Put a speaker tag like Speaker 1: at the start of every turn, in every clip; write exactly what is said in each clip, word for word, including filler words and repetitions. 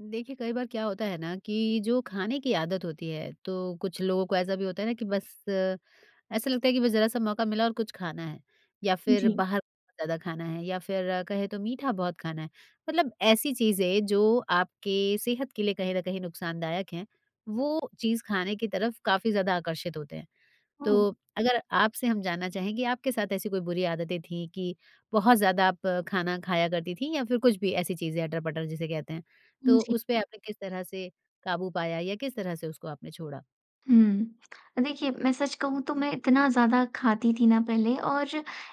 Speaker 1: देखिए, कई बार क्या होता है ना कि जो खाने की आदत होती है, तो कुछ लोगों को ऐसा भी होता है ना कि बस अ, ऐसा लगता है कि बस ज़रा-सा मौका मिला और कुछ खाना है, या फ़िर
Speaker 2: जी।
Speaker 1: बाहर का ज़्यादा खाना है या फ़िर कहें तो मीठा बहुत खाना है। मतलब ऐसी चीज़ें जो आपके सेहत के लिए कहीं न कहीं नुक़सानदायक हैं, वो चीज़ खाने की तरफ़ काफ़ी ज़्यादा आकर्षित होते हैं।
Speaker 2: हुँ।
Speaker 1: तो अगर आपसे हम जानना चाहेंगे, आपके साथ ऐसी कोई बुरी आदतें थी कि, बहुत ज़्यादा आप खाना खाया करती थीं या फ़िर कुछ भी ऐसी चीज़ें, अटर-पटर जिसे कहते हैं,
Speaker 2: हुँ,
Speaker 1: तो
Speaker 2: जी।
Speaker 1: उस पे आपने किस तरह से काबू पाया या किस तरह से उसको आपने छोड़ा?
Speaker 2: हुँ। अ, देखिए मैं सच कहूँ तो मैं इतना ज़्यादा खाती थी ना पहले, और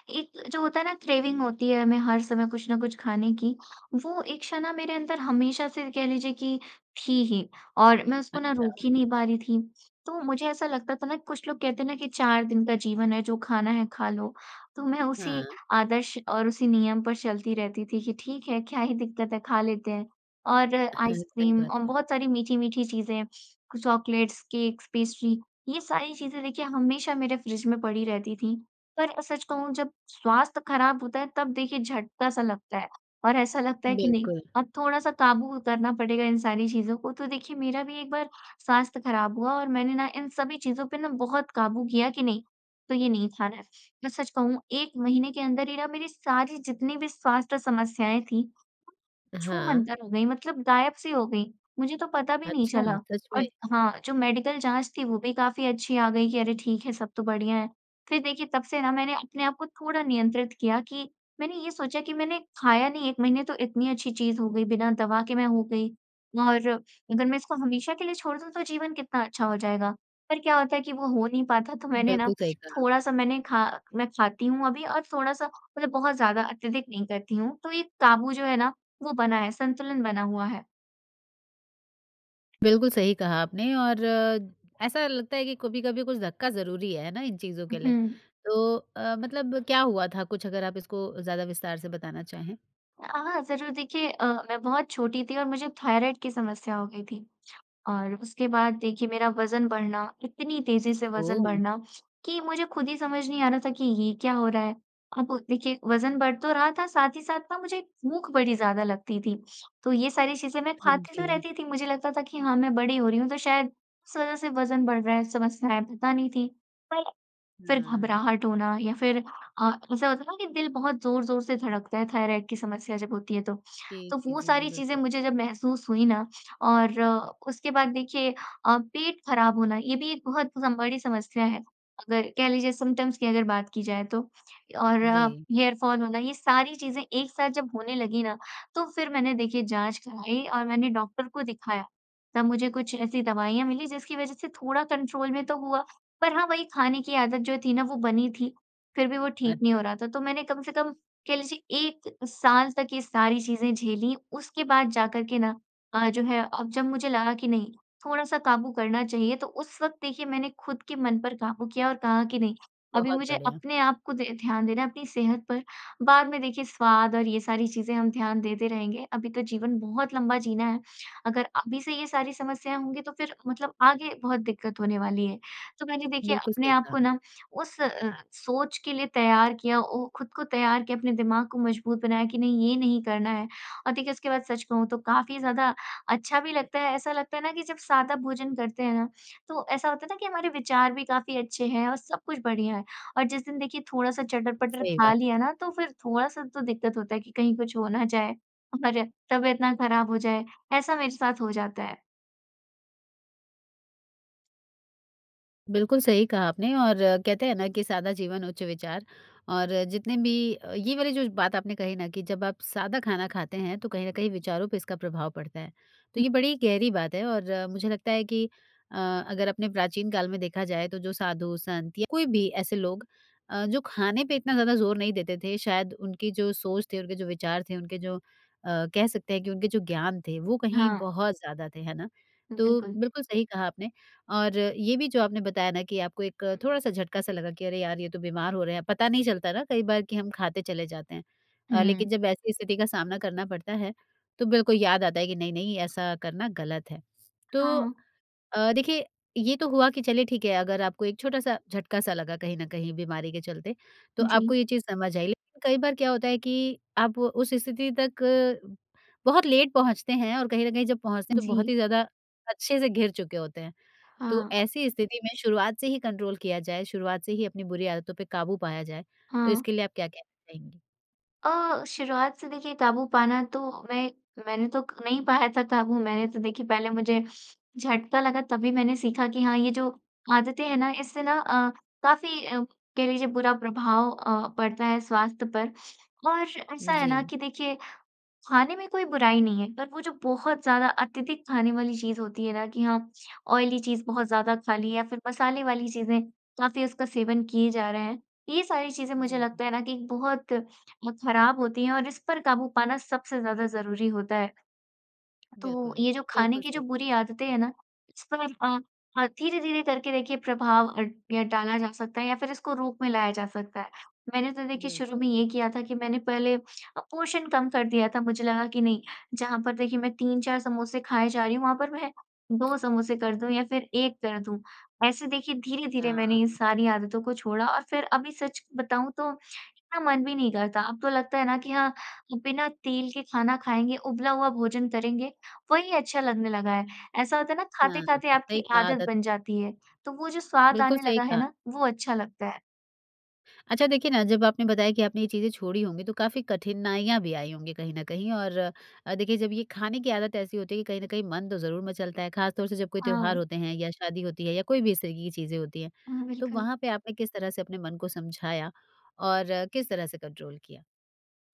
Speaker 2: एक जो होता है ना क्रेविंग होती है हमें हर समय कुछ न कुछ खाने की, वो इच्छा ना मेरे अंदर हमेशा से कह लीजिए कि, थी ही और मैं उसको ना रोक
Speaker 1: अच्छा।
Speaker 2: ही नहीं पा रही थी। तो मुझे ऐसा लगता था ना, कुछ लोग कहते हैं ना कि चार दिन का जीवन है, जो खाना है खा लो। तो मैं उसी
Speaker 1: हाँ।
Speaker 2: आदर्श और उसी नियम पर चलती रहती थी कि ठीक है, क्या ही दिक्कत है, खा लेते हैं। और
Speaker 1: अहाँ। सही
Speaker 2: आइसक्रीम
Speaker 1: बात
Speaker 2: और
Speaker 1: है।
Speaker 2: बहुत सारी मीठी-मीठी चीज़ें कु चॉकलेट्स, केक्स, पेस्ट्री, ये सारी चीज़ें देखिए हमेशा मेरे फ़्रिज में पड़ी रहती थीं। पर अ, सच कहूँ जब स्वास्थ्य ख़राब होता है तब देखिए झटका सा लगता है, और ऐसा लगता है कि नहीं,
Speaker 1: बिल्कुल।
Speaker 2: अब थोड़ा-सा काबू करना पड़ेगा इन सारी चीज़ों को। तो देखिए, मेरा भी एक बार स्वास्थ्य ख़राब हुआ और मैंने ना इन सभी चीज़ों पे ना बहुत काबू किया कि नहीं, तो ये नहीं खाना है। मैं सच कहूँ एक महीने के अंदर ही ना मेरी सारी जितनी भी स्वास्थ्य समस्याएँ थीं,
Speaker 1: हाँ।
Speaker 2: छू-मंतर हो गईं, मतलब गायब-सी हो गईं, मुझे तो पता भी नहीं
Speaker 1: अच्छा!
Speaker 2: चला।
Speaker 1: सच में?
Speaker 2: और हाँ, जो मेडिकल जाँच थी, वो भी काफ़ी अच्छी आ गई कि अरे! ठीक है, सब तो बढ़िया है। फ़िर देखिए, तब से ना मैंने अपने आप को थोड़ा नियंत्रित किया कि मैंने ये सोचा कि मैंने खाया नहीं एक महीने तो इतनी अच्छी चीज़ हो गई, बिना दवा के मैं हो गई, और अगर मैं इसको हमेशा के लिए छोड़ दूँ तो जीवन कितना अच्छा हो जाएगा। पर क्या होता है कि वो हो नहीं पाता, तो मैंने ना
Speaker 1: बिल्कुल सही कहा।
Speaker 2: थोड़ा-सा मैंने खा मैं खाती हूँ अभी और थोड़ा-सा मतलब बहुत ज़्यादा, अत्यधिक नहीं करती हूँ। तो ये काबू जो है ना, वो बना है, संतुलन बना हुआ है।
Speaker 1: बिल्कुल सही कहा आपने। और ऐसा लगता है कि कभी-कभी कुछ धक्का ज़रूरी है है ना, इन चीज़ों के लिए।
Speaker 2: उहुँ।
Speaker 1: तो अ, मतलब क्या हुआ था कुछ अगर आप इसको ज़्यादा विस्तार से बताना चाहें?
Speaker 2: हाँ, ज़रूर। देखिए अ, मैं बहुत छोटी थी और मुझे थाइरॉइड की समस्या हो गई थी। और उसके बाद देखिए मेरा वज़न बढ़ना इतनी तेज़ी से वज़न
Speaker 1: ओह!
Speaker 2: बढ़ना कि मुझे खुद ही समझ नहीं आ रहा था कि ये क्या हो रहा है। अब देखिए वज़न बढ़ तो रहा था साथ ही साथ मुझे भूख बड़ी ज़्यादा लगती थी। तो ये सारी चीज़ें मैं
Speaker 1: हुँ,
Speaker 2: खाती तो
Speaker 1: जी।
Speaker 2: रहती थी मुझे लगता था कि हाँ मैं बड़ी हो रही हूँ तो शायद उस वज़ह से वज़न बढ़ रहा है। समस्या है, पता नहीं थी। पर फिर
Speaker 1: हाँ।
Speaker 2: घबराहट होना या फिर अ, ऐसा होता है ना कि दिल बहुत ज़ोर-ज़ोर से धड़कता है थाइरॉइड की समस्या जब होती है तो।
Speaker 1: जी,
Speaker 2: तो
Speaker 1: जी,
Speaker 2: वो
Speaker 1: जी, जी।
Speaker 2: सारी चीज़ें
Speaker 1: बिल्कुल।
Speaker 2: मुझे जब महसूस हुई ना और उसके बाद देखिए अ, पेट ख़राब होना ये भी एक बहुत बड़ी समस्या है अगर कह लीजिए सिम्प्टम्स की अगर बात की जाए तो। और
Speaker 1: जी।
Speaker 2: हेयरफॉल होना ये सारी चीज़ें एक साथ जब होने लगी ना तो फिर मैंने देखिए जाँच कराई और मैंने डॉक्टर को दिखाया। तब मुझे कुछ ऐसी दवाइयाँ मिली जिसकी वज़ह से थोड़ा कंट्रोल में तो हुआ। पर हाँ, वही खाने की आदत जो थी ना वो बनी थी फिर भी वो ठीक नहीं हो
Speaker 1: अच्छा।
Speaker 2: रहा था। तो मैंने कम से कम कह लीजिए एक साल तक ये सारी चीज़ें झेली उसके बाद जा कर के ना अ, जो है अब जब मुझे लगा कि नहीं थोड़ा-सा काबू करना चाहिए तो उस वक़्त देखिए मैंने खुद के मन पर काबू किया और कहा कि नहीं अभी
Speaker 1: बहुत
Speaker 2: मुझे
Speaker 1: बढ़िया।
Speaker 2: अपने आप को दे ध्यान देना है अपनी सेहत पर। बाद में देखिए स्वाद और ये सारी चीज़ें हम ध्यान देते रहेंगे अभी तो जीवन बहुत लंबा जीना है, अगर अभी से ये सारी समस्याएँ होंगी तो फिर मतलब आगे बहुत दिक्कत होने वाली है। तो मैंने देखिए
Speaker 1: बिल्कुल,
Speaker 2: अपने
Speaker 1: सही
Speaker 2: आप को
Speaker 1: कहा।
Speaker 2: ना उस अ, सोच के लिए तैयार किया ओ, खुद को तैयार किया अपने दिमाग को मजबूत बनाया कि नहीं ये नहीं करना है। और देखिए उसके बाद सच कहूँ तो काफ़ी ज़्यादा अच्छा भी लगता है। ऐसा लगता है ना कि जब सादा भोजन करते हैं ना तो ऐसा होता है ना कि हमारे विचार भी काफ़ी अच्छे हैं और सब कुछ बढ़िया है। और जिस दिन देखिए थोड़ा-सा चटर-पटर
Speaker 1: सही
Speaker 2: खा
Speaker 1: बात
Speaker 2: लिया
Speaker 1: है।
Speaker 2: ना तो फिर थोड़ा-सा तो दिक्कत होता है कि कहीं कुछ हो ना जाए और तबीयत ना ख़राब हो जाए, ऐसा मेरे साथ हो जाता है।
Speaker 1: बिल्कुल सही कहा आपने। और कहते हैं ना कि सादा जीवन उच्च विचार, और जितने भी अ, ये वाली जो ज बात आपने कही ना कि जब आप सादा खाना खाते हैं, तो कहीं न कहीं विचारों पे इसका प्रभाव पड़ता है। तो
Speaker 2: हुँ।
Speaker 1: ये बड़ी गहरी बात है, और मुझे लगता है कि अ, अगर अपने प्राचीन काल में देखा जाए, तो जो साधु-संत या कोई भी ऐसे लोग अ, जो खाने पे इतना ज़्यादा ज़ोर नहीं देते थे, शायद उनकी जो सोच थे, उनके जो विचार थे, उनके जो अ, कह सकते हैं कि उनके जो ज्ञान थे, वो कहीं
Speaker 2: हाँ।
Speaker 1: बहुत ज़्यादा थे, है ना। तो
Speaker 2: बिल्कुल।
Speaker 1: बिल्कुल सही कहा आपने। और ये भी जो आपने बताया ना कि आपको एक थोड़ा-सा झटका-सा लगा कि अरे! यार, ये तो बीमार हो रहे हैं। पता नहीं चलता ना कई बार कि हम खाते चले जाते हैं अ,
Speaker 2: हुँ।
Speaker 1: लेकिन जब ऐसी स्थिति का सामना करना पड़ता है, तो बिल्कुल याद आता है कि नहीं-नहीं, ऐसा करना गलत है। तो
Speaker 2: हाँ।
Speaker 1: अ, देखिए ये तो हुआ कि चलिए ठीक है, अगर आपको एक छोटा-सा झटका-सा लगा कहीं न कहीं बीमारी के चलते, तो आपको
Speaker 2: जी।
Speaker 1: ये चीज़ समझ आई। लेकिन कई बार क्या होता है कि आप वो उस स्थिति तक बहुत लेट पहुँचते हैं, और कहीं न कहीं जब पहुँचते हैं तो बहुत
Speaker 2: जी।
Speaker 1: ही ज़्यादा अच्छे से घिर चुके होते हैं। तो
Speaker 2: हाँ।
Speaker 1: ऐसी स्थिति में शुरुआत से ही कंट्रोल किया जाए, शुरुआत से ही अपनी बुरी आदतों पे काबू पाया जाए, तो
Speaker 2: हाँ।
Speaker 1: इसके लिए आप क्या कहना चाहेंगी?
Speaker 2: अ, शुरुआत से देखिए क़ाबू पाना तो मैं मैंने तो क नहीं पाया था था। वो मैंने तो देखिए पहले मुझे झटका लगा, तभी मैंने सीखा कि हाँ, ये जो आदतें हैं ना, इससे ना अ, काफ़ी अ, कह लीजिए बुरा प्रभाव अ, पड़ता है स्वास्थ्य पर। और ऐसा है ना
Speaker 1: जी।
Speaker 2: कि देखिए, खाने में कोई बुराई नहीं है, पर वो जो बहुत ज़्यादा अत्यधिक खाने वाली चीज़ होती है ना कि हाँ, ऑयली चीज़ बहुत ज़्यादा खा ली है या फ़िर मसाले वाली चीज़ें, काफ़ी उसका सेवन किए जा रहे हैं। ये सारी चीज़ें मुझे
Speaker 1: जी।
Speaker 2: लगता है ना कि बहुत म ख़राब होती हैं और इस पर क़ाबू पाना सबसे ज़्यादा ज़रूरी होता है। तो
Speaker 1: बिल्कुल।
Speaker 2: ये जो खाने
Speaker 1: बिल्कुल
Speaker 2: की जो
Speaker 1: सही।
Speaker 2: बुरी आदतें हैं ना, इस पर अ अ, धीरे-धीरे करके देखिए प्रभाव अ, या डाला जा सकता है या फिर इसको रूप में लाया जा सकता है। मैंने तो देखिए शुरू में
Speaker 1: बिल्कुल।
Speaker 2: ये किया था कि मैंने पहले अ, पोर्शन कम कर दिया था। मुझे लगा कि नहीं, जहाँ पर देखिए मैं तीन चार समोसे खाए जा रही हूँ, वहाँ पर मैं दो समोसे कर दूँ या फ़िर एक कर दूँ। ऐसे देखिए धीरे-धीरे मैंने ये
Speaker 1: हाँ।
Speaker 2: सारी आदतों को छोड़ा, और फ़िर अभी सच बताऊँ तो, इतना मन भी नहीं करता। अब तो लगता है ना कि हाँ अ, बिना तेल के खाना खाएँगे, उबला हुआ भोजन करेंगे, वही अच्छा लगने लगा है। ऐसा होता है ना
Speaker 1: हाँ।
Speaker 2: खाते-खाते
Speaker 1: सही
Speaker 2: आपकी
Speaker 1: कहा,
Speaker 2: आदत
Speaker 1: आदत।
Speaker 2: बन जाती है। तो वो जो स्वाद
Speaker 1: बिल्कुल
Speaker 2: आने
Speaker 1: सही
Speaker 2: लगा है
Speaker 1: कहा।
Speaker 2: ना, वो अच्छा लगता है।
Speaker 1: अच्छा, देखिए ना, जब आपने बताया कि आपने ये चीज़ें छोड़ी होंगी, तो काफ़ी कठिनाइयाँ भी आई होंगी कहीं न कहीं और अ, देखिए जब ये खाने की आदत ऐसी होती है कि कहीं न कहीं मन तो ज़रूर मचलता है। खासतौर से जब कोई त्योहार
Speaker 2: हाँ।
Speaker 1: होते हैं, या शादी होती है, या कोई भी इस तरीके की चीज़ें होती हैं,
Speaker 2: हाँ,
Speaker 1: तो
Speaker 2: बिल्कुल।
Speaker 1: वहाँ पे आपने किस तरह से अपने मन को समझाया और किस तरह से कंट्रोल किया?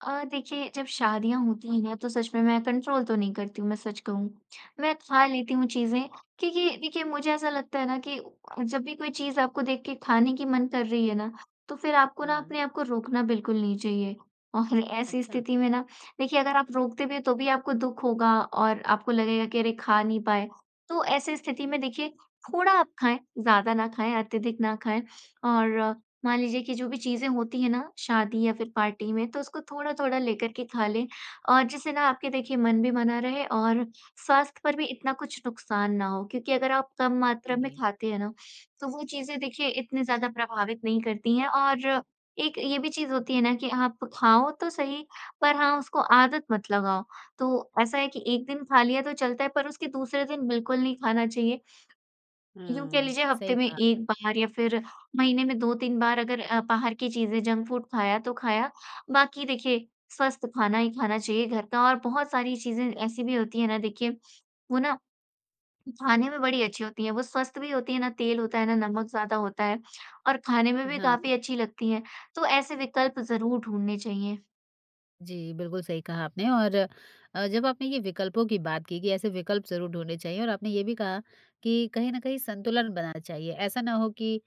Speaker 2: अ, देखिए, जब शादियाँ होती हैं, तो सच में मैं कंट्रोल तो नहीं करती हूँ, मैं सच कहूँ। मैं खा लेती हूँ चीज़ें क्योंकि देखिए, मुझे ऐसा लगता है ना कि जब भी कोई चीज़ आपको देख के खाने की मन कर रही है ना, तो फिर आपको ना
Speaker 1: हाँ।
Speaker 2: अपने आप को रोकना बिल्कुल नहीं चाहिए और ऐसी
Speaker 1: अच्छा।
Speaker 2: स्थिति में ना, देखिए, अगर आप रोकते भी हैं, तो भी आपको दुःख होगा और आपको लगेगा कि, "अरे! खा नहीं पाए।" तो ऐसी स्थिति में देखिए, थोड़ा आप खाएँ, ज़्यादा ना खाएँ, अत्यधिक ना खाएँ और मान लीजिए कि जो भी चीज़ें होती हैं ना शादी या फिर पार्टी में, तो उसको थोड़ा-थोड़ा लेकर के खा लें और जिससे ना आपके देखिए मन भी बना रहे और स्वास्थ्य पर भी इतना कुछ नुकसान ना हो। क्योंकि अगर आप कम मात्रा में
Speaker 1: जी।
Speaker 2: खाते हैं ना, तो वो चीज़ें देखिए इतनी ज़्यादा प्रभावित नहीं करती हैं और एक ये भी चीज़ होती है ना कि आप खाओ तो सही, पर हाँ, उसको आदत मत लगाओ। तो ऐसा है कि एक दिन खा लिया तो चलता है, पर उसके दूसरे दिन बिल्कुल नहीं खाना चाहिए। यूँ कह
Speaker 1: हुँ।
Speaker 2: लीजिए, हफ़्ते
Speaker 1: सही
Speaker 2: में
Speaker 1: कहा आपने।
Speaker 2: एक बार या फिर महीने में दो तीन बार अगर अ, बाहर की चीज़ें, जंक फ़ूड खाया तो खाया बाकी देखिए, स्वस्थ खाना ही खाना चाहिए घर का और बहुत सारी चीज़ें ऐसी भी होती हैं ना, देखिए, वो ना खाने में बड़ी अच्छी होती हैं। वो स्वस्थ भी होती हैं, ना तेल होता है, ना नमक ज़्यादा होता है और खाने में भी
Speaker 1: हाँ।
Speaker 2: काफ़ी अच्छी लगती हैं, तो ऐसे विकल्प ज़रूर ढूँढने चाहिए।
Speaker 1: जी, बिल्कुल सही कहा आपने। और अ, जब आपने ये विकल्पों की बात की कि ऐसे विकल्प ज़रूर ढूँढ़ने चाहिए और आपने ये भी कहा कि कहीं न कहीं संतुलन बनाना चाहिए। ऐसा ना हो कि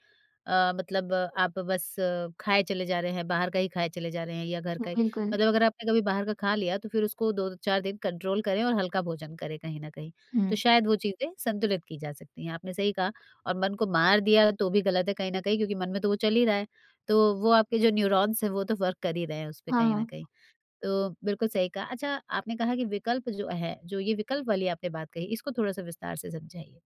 Speaker 1: अ, मतलब आप बस खाए चले जा रहे हैं, बाहर का ही खाए चले जा रहे हैं या घर का ही।
Speaker 2: बिल्कुल।
Speaker 1: मतलब अगर आपने कभी बाहर का खा लिया, तो फिर उसको दो चार दिन कंट्रोल करें और हल्का भोजन करें कहीं न कहीं। तो
Speaker 2: हुँ।
Speaker 1: शायद वो चीज़ें संतुलित की जा सकती हैं। आपने सही कहा और मन को मार दिया, तो भी गलत है कहीं न कहीं क्योंकि मन में तो वो चल ही रहा है। तो वो आपके जो न्यूरॉन्स हैं वो तो वर्क कर ही रहे हैं उस पे कहीं न
Speaker 2: हाँ।
Speaker 1: कहीं। तो बिल्कुल सही कहा। अच्छा, आपने कहा कि विकल्प जो है, जो ये विकल्प वाली आपने बात कही, इसको थोड़ा-सा विस्तार से समझाइए।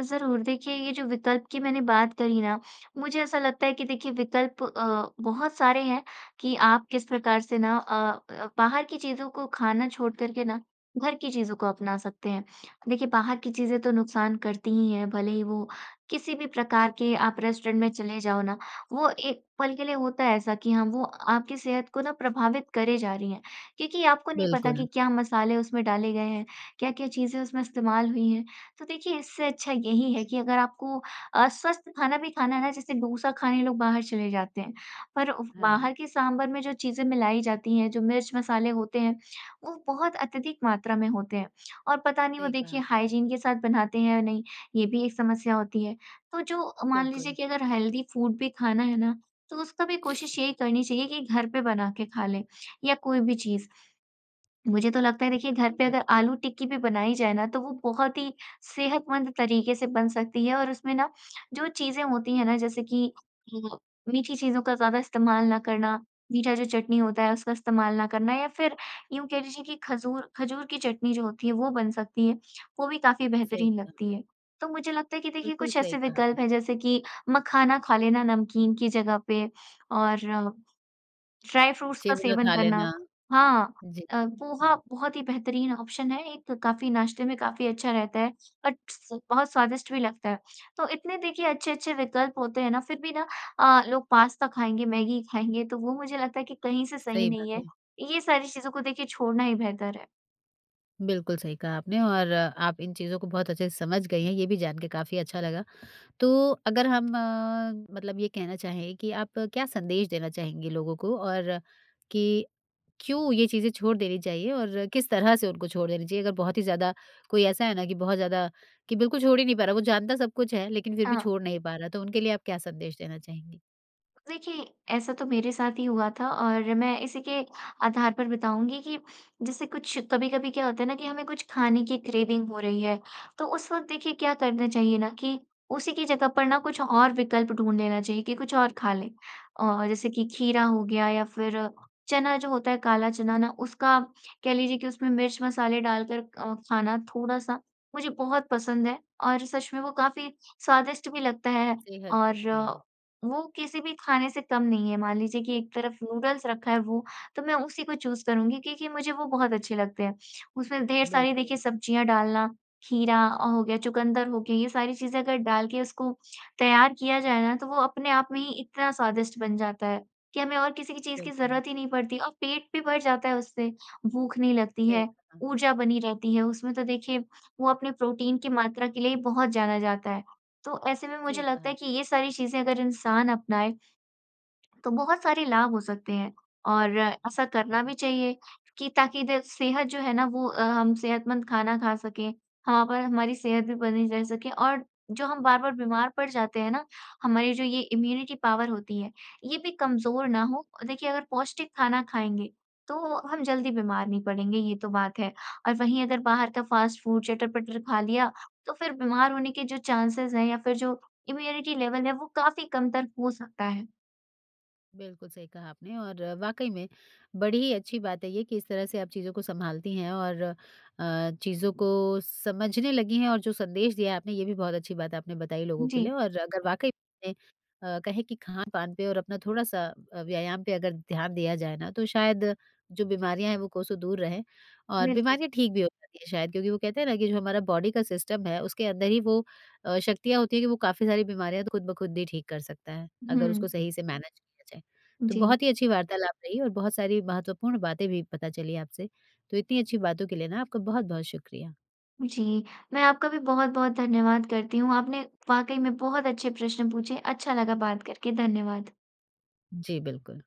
Speaker 2: ज़रूर। देखिए ये जो विकल्प की मैंने बात करी ना? मुझे ऐसा लगता है कि देखिए विकल्प अ, बहुत सारे हैं कि आप किस प्रकार से ना अ अ, बाहर की चीज़ों को खाना छोड़कर के ना घर की चीज़ों को अपना सकते हैं। देखिए बाहर की चीज़ें तो नुकसान करती ही हैं, भले ही वो किसी भी प्रकार के आप रेस्टोरेंट में चले जाओ ना, वो एक पल के लिए होता है ऐसा कि हाँ, वो आपकी सेहत को ना प्रभावित करे जा रही हैं। क्योंकि आपको नहीं पता कि
Speaker 1: बिल्कुल।
Speaker 2: क्या मसाले उसमें डाले गए हैं, क्या-क्या चीज़ें उसमें इस्तेमाल हुई हैं। तो देखिए इससे अच्छा यही है कि अगर आपको अस्वस्थ खाना भी खाना है ना, जैसे डोसा खाने लोग बाहर चले जाते हैं, पर उव
Speaker 1: हाँ।
Speaker 2: बाहर के साँभर में जो चीज़ें मिलाई जाती हैं, जो मिर्च मसाले होते हैं, वो बहुत अत्यधिक मात्रा में होते हैं और पता नहीं वो
Speaker 1: सही कहा।
Speaker 2: देखिए हाइजीन के साथ बनाते हैं या नहीं, ये भी एक समस्या होती है। तो जो मान लीजिए
Speaker 1: बिल्कुल।
Speaker 2: कि अगर हेल्दी फूड भी खाना है ना, तो उसका भी कोशिश यही करनी चाहिए कि घर पे बना के खा लें या कोई भी चीज़। मुझे तो लगता है देखिए घर
Speaker 1: बिल्कुल,
Speaker 2: पे अगर
Speaker 1: बिल्कुल।
Speaker 2: आलू-टिक्की भी बनाई जाए ना, तो वो बहुत ही सेहतमंद तरीके से बन सकती है और उसमें ना जो चीज़ें होती हैं ना, जैसे कि अ, मीठी चीज़ों का ज़्यादा इस्तेमाल न करना, मीठा जो चटनी होता है उसका इस्तेमाल न करना या फिर यूँ कह लीजिए कि खजूर, खजूर की चटनी जो होती है वो बन सकती है। वो भी काफ़ी
Speaker 1: सही
Speaker 2: बेहतरीन
Speaker 1: कहा।
Speaker 2: लगती है। तो मुझे लगता है कि देखिए
Speaker 1: बिल्कुल,
Speaker 2: कुछ
Speaker 1: सही
Speaker 2: ऐसे
Speaker 1: कहा आपने।
Speaker 2: विकल्प हैं, जैसे कि मखाना खा लेना नमकीन की जगह पे और ड्राई-फ्रूट्स का
Speaker 1: चिव ग
Speaker 2: सेवन
Speaker 1: खा
Speaker 2: करना।
Speaker 1: लेना।
Speaker 2: हाँ।
Speaker 1: जी।
Speaker 2: अ, पोहा बहुत ही बेहतरीन ऑप्शन है। एक काफ़ी नाश्ते में काफ़ी अच्छा रहता है। बट स बहुत स्वादिष्ट भी लगता है। तो इतने देखिए अच्छे-अच्छे विकल्प होते हैं ना, फिर भी ना अ, लोग पास्ता खाएँगे, मैगी खाएँगे, तो वो मुझे लगता है कि कहीं से सही
Speaker 1: सही
Speaker 2: नहीं
Speaker 1: बात
Speaker 2: है।
Speaker 1: है।
Speaker 2: ये सारी चीज़ों को देखिए छोड़ना ही बेहतर है।
Speaker 1: बिल्कुल सही कहा आपने और, आप इन चीज़ों को बहुत अच्छे से समझ गई हैं, ये भी जान के काफ़ी अच्छा लगा। तो अगर हम मतलब ये कहना चाहें कि आप क्या संदेश देना चाहेंगे लोगों को और कि, क्यों ये चीज़ें छोड़ देनी चाहिए और किस तरह से उनको छोड़ देनी चाहिए? अगर बहुत ही ज़्यादा कोई ऐसा है ना कि बहुत ज़्यादा कि बिल्कुल छोड़ ही नहीं पा रहा, वो जानता सब कुछ है लेकिन फ़िर भी
Speaker 2: हाँ।
Speaker 1: छोड़ नहीं पा रहा, तो उनके लिए आप क्या संदेश देना चाहेंगी?
Speaker 2: देखिए ऐसा तो मेरे साथ ही हुआ था और मैं इसी के आधार पर बताऊँगी कि, जैसे कुछ कभी-कभी क्या होता है ना कि हमें कुछ खाने की क्रेविंग हो रही है, तो उस वक़्त देखिए क्या करना चाहिए ना कि, उसी कि जगह पर ना कुछ और विकल्प ढूँढ लेना चाहिए कि कुछ और खा लें। और जैसे कि खीरा हो गया या फ़िर चना जो होता है काला चना ना, उसका कह लीजिए कि उसमें मिर्च-मसाले डालकर अ, खाना थोड़ा-सा मुझे बहुत पसंद है और सच में वो काफ़ी, स्वादिष्ट भी लगता है
Speaker 1: सेहत पतली
Speaker 2: और
Speaker 1: है।
Speaker 2: वो किसी भी खाने से कम नहीं है। मान लीजिए कि एक तरफ नूडल्स रखा है वो, तो मैं उसी को चूज़ करुँगी क्योंकि मुझे वो बहुत अच्छे लगते हैं। उसमें ढेर सारी देखिए
Speaker 1: बिल्कुल।
Speaker 2: सब्जियाँ डालना, खीरा हो गया, चुकन्दर हो गए ये सारी चीज़ें अगर डाल के उसको, तैयार किया जाए ना तो वो अपने आप में ही इतना स्वादिष्ट बन जाता है, कि हमें और किसी भी चीज़ की
Speaker 1: बिल्कुल।
Speaker 2: ज़रूरत ही नहीं पड़ती और पेट भी भर जाता है उससे। भूख नहीं लगती
Speaker 1: सही
Speaker 2: है,
Speaker 1: कहा।
Speaker 2: ऊर्जा बनी रहती है, उसमें तो देखिए वो अपने प्रोटीन की मात्रा के लिए ही बहुत जाना जाता है। तो ऐसे में मुझे
Speaker 1: सही
Speaker 2: लगता
Speaker 1: कहा
Speaker 2: है कि
Speaker 1: आपने।
Speaker 2: ये सारी चीज़ें अगर इंसान अपनाए, तो बहुत सारे लाभ हो सकते हैं और ऐसा करना भी चाहिए, कि ताकि द सेहत जो है ना वो अ, हम सेहतमंद खाना खा सकें। हाँ, पर हमारी सेहत भी बनी रह सके और जो हम बार-बार बीमार पड़ जाते हैं ना, हमारी जो ये इम्यूनिटी पावर होती है ये भी कमज़ोर ना हो। देखिए अगर पौष्टिक खाना खाएँगे, तो हम जल्दी बीमार नहीं पड़ेंगे, ये तो बात है और वहीं अगर बाहर का फ़ास्ट फूड, चटर-पटर खा लिया तो फ़िर बीमार होने के जो चांसेज़ हैं या फ़िर जो इम्यूनिटी लेवल है वो काफ़ी कमतर हो सकता है।
Speaker 1: बिल्कुल सही कहा आपने और वाक़ई में, बड़ी ही अच्छी बात है ये कि इस तरह से आप चीज़ों को संभालती हैं और अ, चीज़ों को समझने लगीं हैं और जो संदेश दिया है आपने ये भी बहुत अच्छी बात आपने बताई लोगों के
Speaker 2: जी।
Speaker 1: लिए। और अगर वाक़ई में अ, कहें कि खानपान पर और अपना थोड़ा-सा अ, व्यायाम पे अगर ध्यान दिया जाए ना, तो शायद जो बीमारियाँ हैं वो कोसो दूर रहें। और
Speaker 2: बिल्कुल।
Speaker 1: बीमारियाँ ठीक भी हो सकती हैं शायद, क्योंकि वो कहते हैं ना कि जो हमारा बॉडी का सिस्टम है उसके अंदर ही वो अ, शक्तियाँ होती हैं कि वो काफ़ी सारी बीमारियाँ तो खुद ब खुद ही ठीक कर सकता है, अगर उसको
Speaker 2: हुँ।
Speaker 1: सही से मैनेज किया जाए। तो
Speaker 2: जी।
Speaker 1: बहुत ही अच्छी वार्तालाप रही और बहुत सारी महत्वपूर्ण बातें भी पता चली आपसे। तो इतनी अच्छी बातों के लिए ना आपका बहुत-बहुत शुक्रिया।
Speaker 2: जी। मैं, आपका भी बहुत-बहुत धन्यवाद करती हूँ। आपने वाक़ई में बहुत अच्छे प्रश्न पूछे, अच्छा लगा बात करके, धन्यवाद।
Speaker 1: जी, बिल्कुल।